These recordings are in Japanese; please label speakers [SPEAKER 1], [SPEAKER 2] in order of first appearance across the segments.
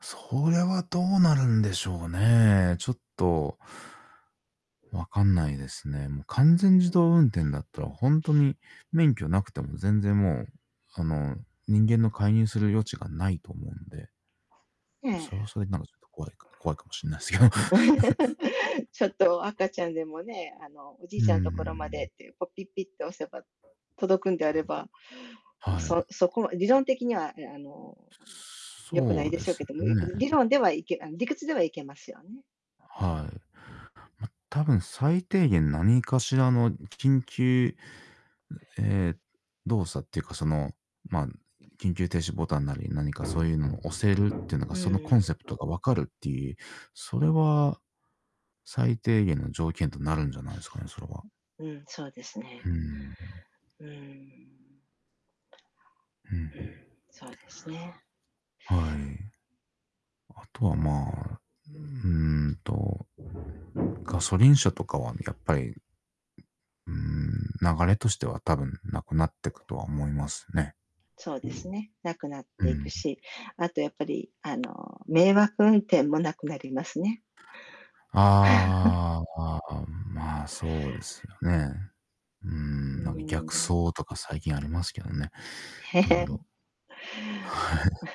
[SPEAKER 1] それはどうなるんでしょうね、ちょっとわかんないですね。もう完全自動運転だったらほんとに免許なくても全然もう、あの、人間の介入する余地がないと思うんで。
[SPEAKER 2] ええ。
[SPEAKER 1] それはそれでなんかちょっと怖いか怖いかもしんないですけど。
[SPEAKER 2] ちょっと赤 ちゃんでもね、あのおじ
[SPEAKER 1] う
[SPEAKER 2] い
[SPEAKER 1] ー
[SPEAKER 2] ちゃんのところまで
[SPEAKER 1] ん。
[SPEAKER 2] っていう、こうピッピッって押せば届くんであれば、ま、
[SPEAKER 1] はい。
[SPEAKER 2] そそこは理論的にはあのよくな
[SPEAKER 1] そ
[SPEAKER 2] い
[SPEAKER 1] う
[SPEAKER 2] で
[SPEAKER 1] で
[SPEAKER 2] しょう
[SPEAKER 1] す
[SPEAKER 2] けども、
[SPEAKER 1] ね。
[SPEAKER 2] 理論ではいけ理屈ではいけますよね。
[SPEAKER 1] はい。まあ、たぶん最低限何かしらの緊急ええ、動作っていうかその、まあ、緊急停止ボタンなり何かそういうのを押せるっていうのが
[SPEAKER 2] う
[SPEAKER 1] そのコン
[SPEAKER 2] ん。
[SPEAKER 1] セプトが分かるっていう、それは、最低限の条件となるんじゃないですかね、それは。
[SPEAKER 2] うん、そうです
[SPEAKER 1] う
[SPEAKER 2] ね。
[SPEAKER 1] ん。
[SPEAKER 2] うーん。
[SPEAKER 1] うん。
[SPEAKER 2] うん、そうですね。
[SPEAKER 1] はい。後はまあ、うんと、ガソリン車とかはやっぱりうん、流れとしては多分なくなってくとは思いますね。
[SPEAKER 2] そうですね、なくなっ
[SPEAKER 1] う
[SPEAKER 2] ていく
[SPEAKER 1] ん。
[SPEAKER 2] し、あとやっぱりあの迷惑運転もなくなりますね。
[SPEAKER 1] ああ、ん、まあ、そうですよね。う
[SPEAKER 2] う
[SPEAKER 1] ん、なんか逆
[SPEAKER 2] ん。
[SPEAKER 1] 走とか最近ありますけどね。
[SPEAKER 2] へ
[SPEAKER 1] いろい
[SPEAKER 2] へ。
[SPEAKER 1] ろ。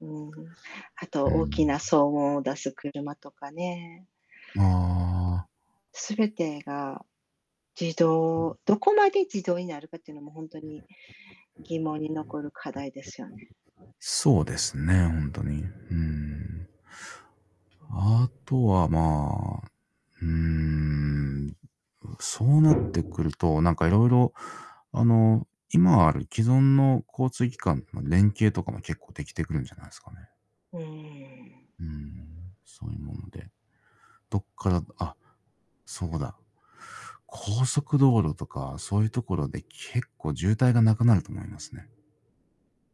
[SPEAKER 2] うん、あと
[SPEAKER 1] う
[SPEAKER 2] 大き
[SPEAKER 1] ん。
[SPEAKER 2] な騒音を出す車とかね。
[SPEAKER 1] ああ。
[SPEAKER 2] 全てが自動どこまで自動になるかっていうのもほんとに疑問に残る課題ですよね。
[SPEAKER 1] そうですね、ほんとに。うん。あとはまあ、うーん。う、そうなってくると、なんか色々、あの、今ある既存の交通機関の連携とかも結構できてくるんじゃないですかね。
[SPEAKER 2] うーん。
[SPEAKER 1] うん、そういうもので。どっからあ、そうだ、高速道路とかそういうところで結構渋滞がなくなると思いますね。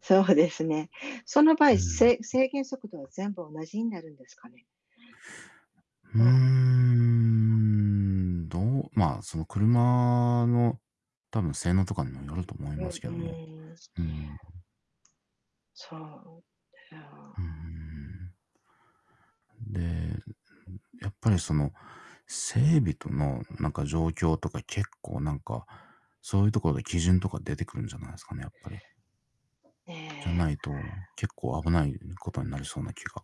[SPEAKER 2] そうですね。その場
[SPEAKER 1] う
[SPEAKER 2] 合、
[SPEAKER 1] ん。
[SPEAKER 2] せい制限速度は全部同じになるんですかね？
[SPEAKER 1] うー
[SPEAKER 2] うん。
[SPEAKER 1] ん、どう、まあ、その車の、多分性能とかにもよると思い
[SPEAKER 2] うん、
[SPEAKER 1] ます
[SPEAKER 2] う
[SPEAKER 1] けども、
[SPEAKER 2] ーん。
[SPEAKER 1] うん。
[SPEAKER 2] そう、あ
[SPEAKER 1] うー
[SPEAKER 2] あ。
[SPEAKER 1] ん。で、やっぱりその整備とのなんか状況とか結構なんか、そういうところで基準とか出てくるんじゃないですかね、やっぱり。
[SPEAKER 2] え
[SPEAKER 1] じゃな
[SPEAKER 2] え。
[SPEAKER 1] いと、結構危ない事になりそうな気が